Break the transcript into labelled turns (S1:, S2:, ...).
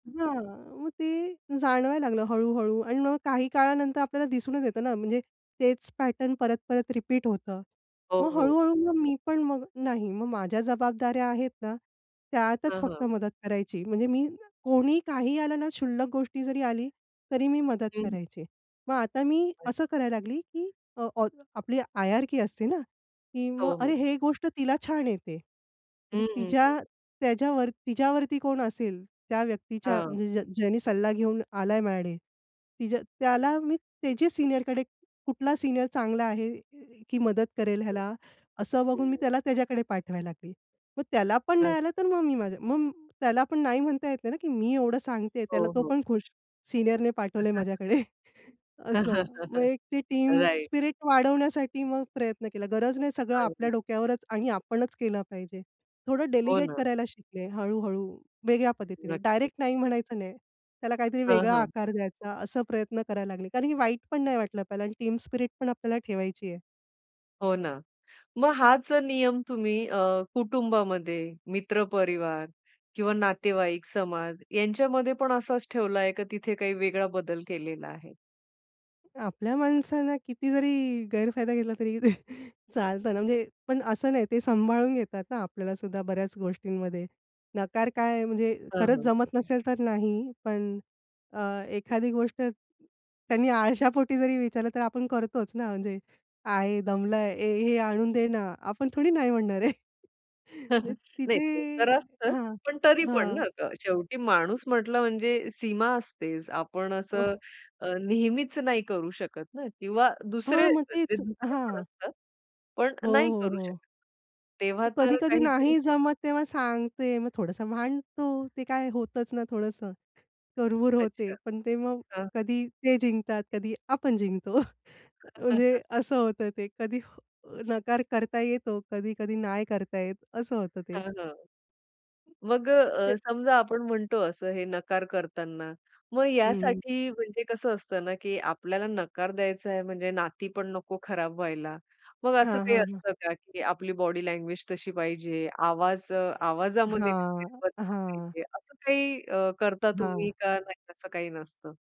S1: हां, मग ते जाणवायला लागलं हळू-हळू आणि मग काही काळानंतर आपल्याला दिसूनच येतं ना, म्हणजे तेच पॅटर्न परत-परत रिपीट होतं.
S2: हो,
S1: मग
S2: हो.
S1: हळू-हळू मग मी पण मग नाही, मग माझ्या जबाबदाऱ्या आहेत ना, त्यातच
S2: हं, हं.
S1: फक्त मदत करायची. म्हणजे मी कोणी काही आलं ना, क्षुल्लक गोष्ट जरी आली तरी मी मदत
S2: हं.
S1: करायची. मग आता मी
S2: अच
S1: असं करायला लागले की अ, आपली हायरार्की असते ना, की मग
S2: हो,
S1: अरे
S2: हो.
S1: ही गोष्ट तिला छान येते, म्हणजे
S2: हं, हं, हं.
S1: तिच्या, त्याच्यावर तिच्यावरती कोण असेल त्या व्यक्तीच्या
S2: हां.
S1: म्हणजे ज ज्याने सल्ला घेऊन आलाय माझ्याकडे, तिच्या त्याला मी त्याची सीनियरकडे, कुठला सीनियर चांगला आहे की अ, मदत करेल ह्याला, असं बघून मी
S2: [unintelligible]
S1: त्याला त्याच्याकडे पाठवायला लागले. मग त्याला पण
S2: हं.
S1: नाही आलं, तर मग मी माझ्या मग त्याला पण नाही म्हणता येत नाही ना, की मी एवढं सांगतेय त्याला,
S2: हो,
S1: तो
S2: हो.
S1: पण खुश, सीनियरने पाठवलंय माझ्याकडे असं. मग एक ते टीम
S2: राइट.
S1: स्पिरिट वाढवण्यासाठी मग प्रयत्न केला. गरज नाही. सगळं आपल्या
S2: अगदी.
S1: डोक्यावरच आणि आपणच केलं पाहिजे. थोडं
S2: हो
S1: डेलिगेट
S2: ना.
S1: करायला शिकले हळू-हळू वेगळ्या पद्धतीने,
S2: नक्कीच.
S1: डायरेक्ट नाही म्हणायचं नाही, त्याला काहीतरी
S2: हं,
S1: वेगळा
S2: हं.
S1: आकार द्यायचा. असे प्रयत्न करायला लागले कारण की वाईट पण नाही वाटलं पाहिजे आणि टीम स्पिरिट पण आपल्याला ठेवायची आहे.
S2: हो ना, मग हाच जर नियम तुम्ही अ, कुटुंबामध्ये, मित्र परिवार किंवा नातेवाईक, समाज यांच्यामध्ये पण असाच ठेवला आहे का तिथे काही वेगळा बदल केलेला आहे?
S1: आपल्या माणसांना किती जरी गैरफायदा घेतला तरी चालतं ना, म्हणजे पण असं नाही, ते सांभाळून घेतात ना, आपल्यालासुद्धा बऱ्याच गोष्टींमध्ये. नकार काय, म्हणजे
S2: हां,
S1: खरंच
S2: हां.
S1: जमत नसेल तर नाही. पण अ, एखादी गोष्ट त्यांनी आळशापोटी जरी विचारलं, तर आपण करतोच ना. म्हणजे आहे दमलाय, "ए हे आणून दे ना," आपण थोडी नाही म्हणणार आहे
S2: नाही.
S1: तिथे
S2: ते तर असतं,
S1: हां,
S2: पण तरी पण
S1: हां.
S2: ना, आता शेवटी माणूस म्हटलं म्हणजे सीमा असतेच. आपण असं
S1: ओह.
S2: अ, नेहमीच नाही करू शकत ना किंवा दुसरे,
S1: हां, मग तेच.
S2: दुसरे पण
S1: हां.
S2: असतात, पण
S1: हो,
S2: नाही
S1: हो,
S2: करू
S1: हो.
S2: शकत. तेव्हा तर
S1: कधी-कधी
S2: काहीतरी
S1: नाही जमत तेव्हा सांगते. मग थोडंसं भांडतो, ते काय होतंच ना, थोडंसं कुरबुर होते,
S2: अच्छा.
S1: पण ते मग
S2: हां.
S1: कधी ते जिंकतात, कधी आपण जिंकतो अ, म्हणजे असं होतं ते. कधी अ, नकार करता येतो, कधी-कधी नाही करता येत असं होतं ते.
S2: हां, हां. मग अ,
S1: ते.
S2: अ, समजा आपण म्हणतो असं हे नकार करताना, मग
S1: हं, हं.
S2: यासाठी म्हणजे कसं असतं ना, की आपल्याला नकार द्यायचा आहे, म्हणजे नाती पण नको खराब व्हायला. मग असं
S1: हां,
S2: काही
S1: हां, हां.
S2: असतं का की आपली बॉडी लँग्वेज तशी पाहिजे, आवाज, अ, आवाजामध्ये काहीतरी
S1: हां,
S2: बदल
S1: हां.
S2: पाहिजे असं काही अ, करता तुम्ही
S1: हां.
S2: का नाही असं काही नसतं?